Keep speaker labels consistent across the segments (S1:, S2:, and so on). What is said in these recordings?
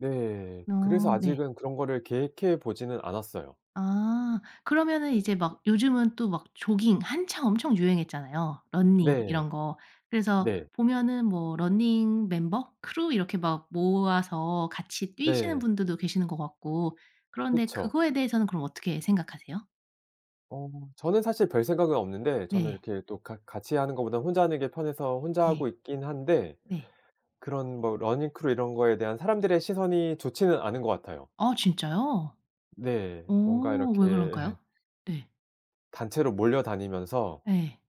S1: 네 그래서
S2: 아 네.
S1: 아직은 그런 거를 계획해 보지는 않았어요.
S2: 아 그러면은 이제 막 요즘은 또 막 조깅 한창 엄청 유행했잖아요 러닝
S1: 네
S2: 이런 거. 그래서
S1: 네.
S2: 보면은 뭐 러닝 멤버, 크루 이렇게 막 모아서 같이 뛰시는
S1: 네.
S2: 분들도 계시는 것 같고 그런데
S1: 그쵸.
S2: 그거에 대해서는 그럼 어떻게 생각하세요?
S1: 어 저는 사실 별생각은 없는데 저는
S2: 네.
S1: 이렇게 또 같 같이 하는 것보다는 혼자 하는 게 편해서 혼자
S2: 네
S1: 하고 있긴 한데
S2: 네.
S1: 그런 뭐 러닝 크루 이런 거에 대한 사람들의 시선이 좋지는 않은 것 같아요.
S2: 아 진짜요?
S1: 네
S2: 어
S1: 뭔가 이렇게
S2: 왜 그럴까요? 네.
S1: 단체로 몰려다니면서
S2: 네.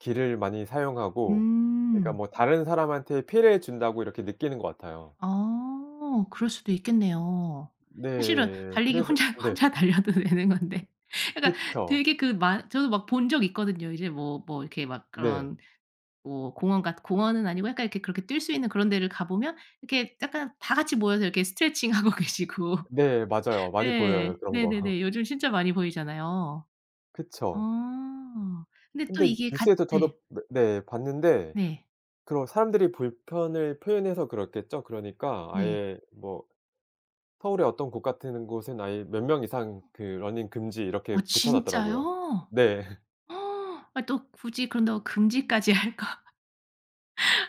S1: 길을 많이 사용하고 그러니까
S2: 음.
S1: 뭐 다른 사람한테 피해를 준다고 이렇게 느끼는 것 같아요.
S2: 아 그럴 수도 있겠네요. 사실은
S1: 네
S2: 달리기
S1: 그래서
S2: 혼자
S1: 네.
S2: 혼자 달려도 되는 건데 그니까
S1: 그쵸.
S2: 되게 그 만 저도 막 본 적 있거든요. 이제 뭐 뭐 이렇게 막
S1: 네.
S2: 그런 뭐 공원 같 공원은 아니고 약간 이렇게 그렇게 뛸 수 있는 그런 데를 가보면 이렇게 약간 다 같이 모여서 이렇게 스트레칭하고 계시고
S1: 네 맞아요. 많이 보여요
S2: 네
S1: 그런 거.
S2: 네네네 요즘 진짜 많이 보이잖아요.
S1: 그쵸.
S2: 아 근데 또
S1: 근데
S2: 이게 같
S1: 뉴스에서
S2: 네.
S1: 저도 몇 네 봤는데
S2: 네.
S1: 그걸 사람들이 불편을 표현해서 그렇겠죠. 그러니까
S2: 네.
S1: 아예 뭐 서울의 어떤 곳 같은 곳은 아예 '몇 명 이상 러닝 금지.' 이렇게
S2: 아
S1: 붙여놨더라고요.
S2: 진짜요?
S1: 네.
S2: 또 굳이 그런다고 금지까지 할까?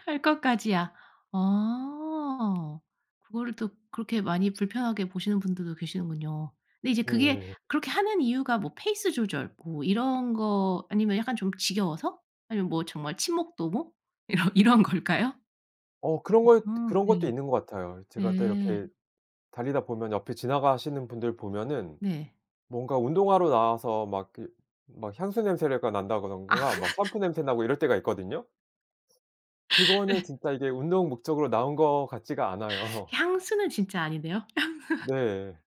S2: 할 것까지야 아 그거를 또 그렇게 많이 불편하게 보시는 분들도 계시는군요. 근데 이제 그게
S1: 네.
S2: 그렇게 하는 이유가 뭐 페이스 조절 뭐 이런 거 아니면 약간 좀 지겨워서? 아니면 뭐 정말 친목 도모? 이런 이런 걸까요?
S1: 어 그런 것
S2: 음 아
S1: 그런 것도
S2: 네
S1: 있는 것 같아요. 제가 또 이렇게
S2: 음.
S1: 달리다 보면 옆에 지나가시는 분들 보면은
S2: 네.
S1: 뭔가 운동하러 나와서 막 그 막 향수 냄새를 가
S2: 아.
S1: 난다든가 샴푸 냄새나고 이럴 때가 있거든요. 그거는
S2: 예.
S1: 진짜 이게 운동 목적으로 나온 것 같지가 않아요.
S2: 향수는 진짜 아닌데요. 향수
S1: 네.